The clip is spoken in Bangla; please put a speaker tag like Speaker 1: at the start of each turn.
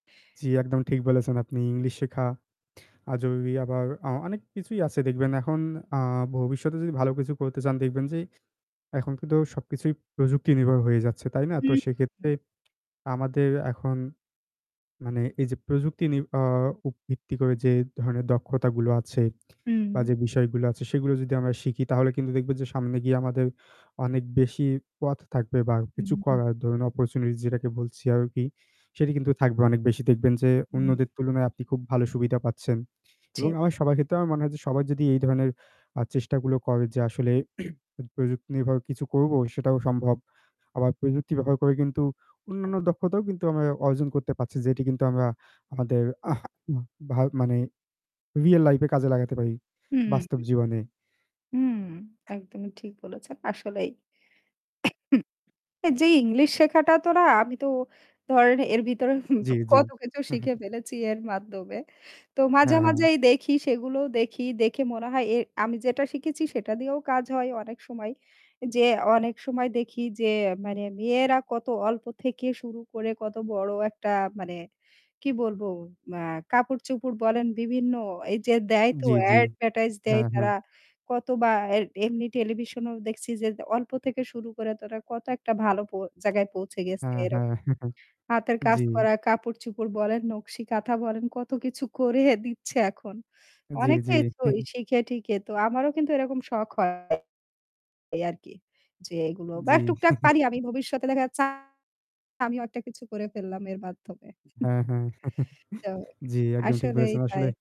Speaker 1: জি, একদমই ঠিক বলেছেন আপনি ইংলিশ শেখা, আজ ওই আবার অ অনেক কিছুই আছে দেখবেন। এখন আ ভবিষ্যতে যদি ভালো কিছু করতে চান দেখবেন যে এখন কিন্তু সবকিছুই প্রযুক্তি নির্ভর হয়ে যাচ্ছে। তাই না? তো সেক্ষেত্রে
Speaker 2: [unintelligible]
Speaker 1: আমাদের এখন মানে এই যে প্রযুক্তি নির আ ভিত্তি করে যে ধরনের দক্ষতা গুলো আছে
Speaker 2: হুম।
Speaker 1: বা যে বিষয়গুলো আছে সেগুলো যদি আমরা শিখি তাহলে কিন্তু দেখবেন যে সামনে গিয়ে আমাদের অনেক বেশি পথ থাকবে বা
Speaker 2: হু,
Speaker 1: কিছু
Speaker 2: হু,
Speaker 1: করার
Speaker 2: হু।
Speaker 1: ধরুন অপরচুনিটিস যেটাকে বলছি আরকি সেটি কিন্তু থাকবে। অনেক বেশি দেখবেন যে
Speaker 2: হুম।
Speaker 1: অন্যদের তুলনায় আপনি খুব ভালো সুবিধা পাচ্ছেন।
Speaker 2: জ্বি,
Speaker 1: এবং আমার
Speaker 2: জি, জি।
Speaker 1: সবার ক্ষেত্রে আমার মনে হয় যে সবাই যদি এই ধরনের আ চেষ্টাগুলো করে যে আসলে প্রযুক্তিনির্ভর কিছু করবো সেটাও সম্ভব। আবার প্রযুক্তি ব্যবহার করে কিন্তু অন্যান্য দক্ষতাও কিন্তু আমরা অর্জন করতে পারছি। যেটি কিন্তু আমরা আমাদের ভা মানে রিয়েল লাইফ এ কাজে লাগাতে পারি।
Speaker 2: হু,
Speaker 1: বাস্তব
Speaker 2: হু।
Speaker 1: জীবনে।
Speaker 2: হুম। একদমই ঠিক বলেছেন। আসলেই। যেই ইংলিশ শেখাটা তো না আমি তো ধরেন এর ভিতরে
Speaker 1: জি, জি,
Speaker 2: কত কিছু
Speaker 1: হু, হু।
Speaker 2: শিখে ফেলেছি এর মাধ্যমে। তো মাঝে,
Speaker 1: হ্যাঁ, হ্যাঁ।
Speaker 2: মাঝেই দেখি সেগুলো দেখি দেখে মনে হয় এ আমি যেটা শিখেছি সেটা দিয়েও কাজ হয় অনেক সময়। যে অনেক সময় দেখি যে মানে মেয়েরা কত অল্প থেকে শুরু করে কত বড় একটা মানে কি বলবো এ্যা কাপড়-চোপড় বলেন বিভিন্ন এইযে দেয় তো
Speaker 1: জি, জি,
Speaker 2: অ্যাডভার্টাইজ দেয়
Speaker 1: হ্যাঁ, হ্যাঁ।
Speaker 2: তারা কত বা এম এমনি টেলিভিশনও দেখছি যে অল্প থেকে শুরু করে তারা কত একটা ভালো জায়গায় প পৌঁছে গেছে
Speaker 1: হ্যাঁ, হ্যাঁ,
Speaker 2: এরকম। হাতের কাজ
Speaker 1: জি।
Speaker 2: করা কাপড়-চোপড় বলেন, নকশি কাঁথা বলেন। কত কিছু করে দিচ্ছে এখন।
Speaker 1: জি, জি।
Speaker 2: অনেকেই তো শিখে-টিখে তো আমারও কিন্তু এরকম শখ হয়। এই আরকি। যে এগুলো বা
Speaker 1: জি।
Speaker 2: টুকটাক পারি আমি ভবিষ্যতে দেখা যাচ্ছে আমিও একটা কিছু করে ফেললাম এর মাধ্যমে।
Speaker 1: হ্যাঁ, হ্যাঁ,
Speaker 2: তো
Speaker 1: জি, একদম ঠিক
Speaker 2: আসলেই
Speaker 1: বলেছেন
Speaker 2: তাই।
Speaker 1: আসলে